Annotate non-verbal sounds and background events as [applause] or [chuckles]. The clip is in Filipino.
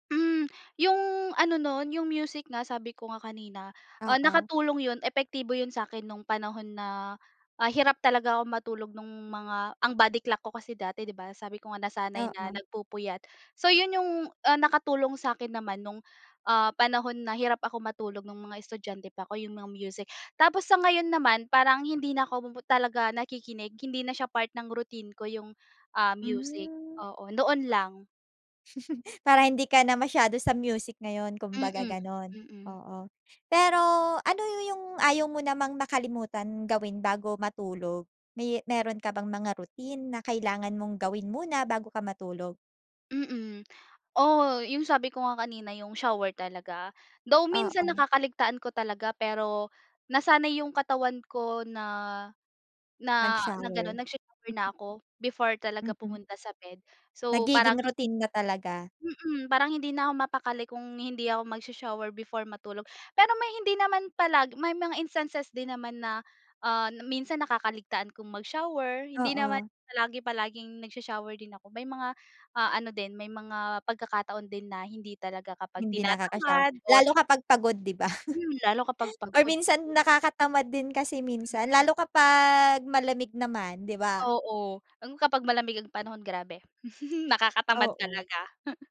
Hmm. Yung ano nun, yung music nga sabi ko nga kanina, ah, Oo. nakatulong yun, epektibo yun sa'kin nung panahon na, ah, hirap talaga ako matulog, nung mga ang body clock ko kasi dati, di ba sabi ko nga nasanay na Oo. nagpupuyat. So yun yung ah, nakatulong sa'kin naman nung, ah, panahon na hirap ako matulog, nung mga estudyante pa ko, yung mga music. Tapos sa ngayon naman, parang hindi na ko talaga nakikinig. Hindi na siya part ng routine ko yung ah, music. Hmm. Oo, noon lang. Parang hindi ka na masyado sa music ngayon, kumbaga Mm. ganun. Mm. Oo. Pero ano yu yung ayaw mo namang makalimutan gawin bago matulog? May meron ka bang mga routine na kailangan mong gawin muna bago ka matulog? Mm. Oh, yung sabi ko nga kanina, yung shower talaga. Though minsan Oo. nakakaligtaan ko talaga pero, nasanay yung katawan ko na na na gano'n, Mag-shower. nagsha-shower na ako before talaga Mm. pumunta sa bed. So parang Nagiging hi routine na talaga. Mm. Parang hindi na ako mapakali kung hindi ako magsa-shower before matulog. Pero may hindi naman palagi, may mga instances din naman na ah, minsan nakakaligtaan kong mag-shower, hindi naman Oo. palagi palaging nagsa-shower din ako. May mga ah, ano din may mga pagkakataon din na hindi talaga kapag Hindi nakaka-shower. tinatamad or Lalo kapag pagod, di ba? Hmm, lalo kapag [laughs] Or pagod. minsan nakakatamad din kasi minsan. Mm. Lalo kapag malamig naman, di ba? Oo. Lalo kapag malamig ang panahon, grabe! [chuckles] Nakakatamad Oo. talaga.